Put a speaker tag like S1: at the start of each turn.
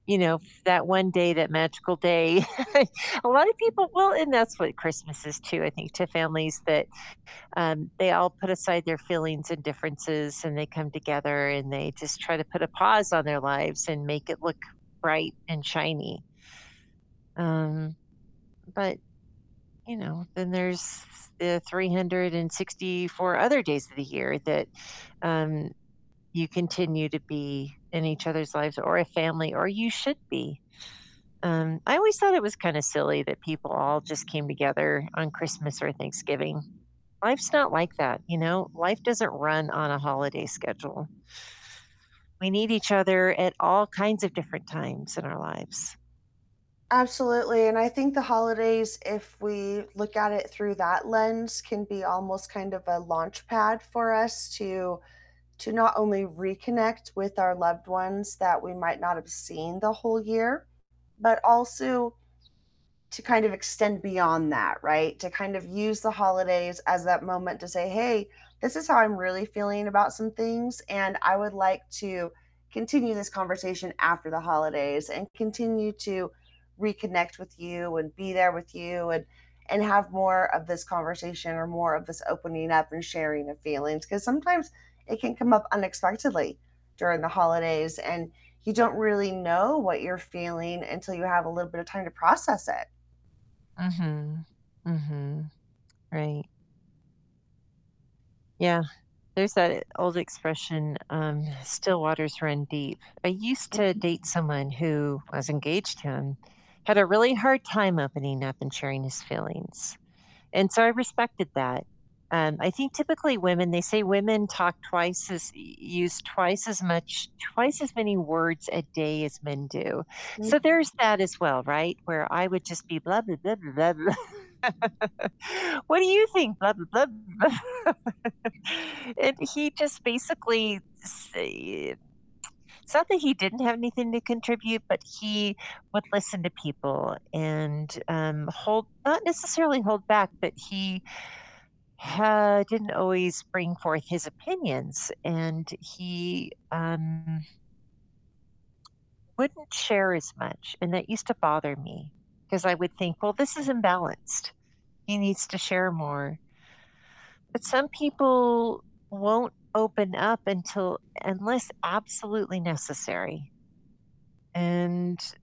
S1: You know, f that one day, that magical day I A lot of people well, and that's what Christmas is too, I think, to families that, um, they all put aside their feelings, and differences, and they come together, and they just try to put a pause on their lives, and make it look bright and shiny. Um, but, you know, then there's the 364 other days of the year that, um, you continue to be in each other's lives, or a family, or you should be, um, I always thought it was kinda silly that people all just came together on Christmas or Thanksgiving, life's not like that, you know? Life doesn't run on a holiday schedule. We need each other at all kinds of different times in our lives.
S2: Absolutely, and I think the holidays, if we look at it through that lens, can be almost kind of a launchpad for us to to not only reconnect with our loved ones that we might not have seen the whole year, but also to kind of extend beyond that, right? To kind of use the holidays as that moment to say, "Hey, this is how I'm really feeling about some things, and I would like to continue this conversation after the holidays, and continue to reconnect with you, and be there with you, and and have more of this conversation or more of this opening up and sharing of feelings," 'cause sometimes it can come up unexpectedly during the holidays, and you don't really know what you're feeling until you have a little bit of time to process it.
S1: Mhm. Mhm. Right. Yeah, there's that old expression, um, "Still waters run deep." I used to date someone who- I was
S2: [unintelligible]
S1: engaged to him- had a really hard time opening up and sharing his feelings, and so I respected that, um, I think typically women, they say women talk twice as u use twice as much twice as many words a day as men do, so
S2: [unintelligible]
S1: there's that as well, right? Where I would just be blah, blah, blah, blah, blah. "What do you think? Blah, blah, blah, blah," and he just basically say it It's not that he didn't have anything to contribute, but he would listen to people, and, um, hold not necessarily hold back, but he ha didn't always bring forth his opinions, and he, um wouldn't share as much, and that used to bother me, 'cause I would think, "Well, this is imbalanced, he needs to share more." But some people won't open up until unless absolutely necessary and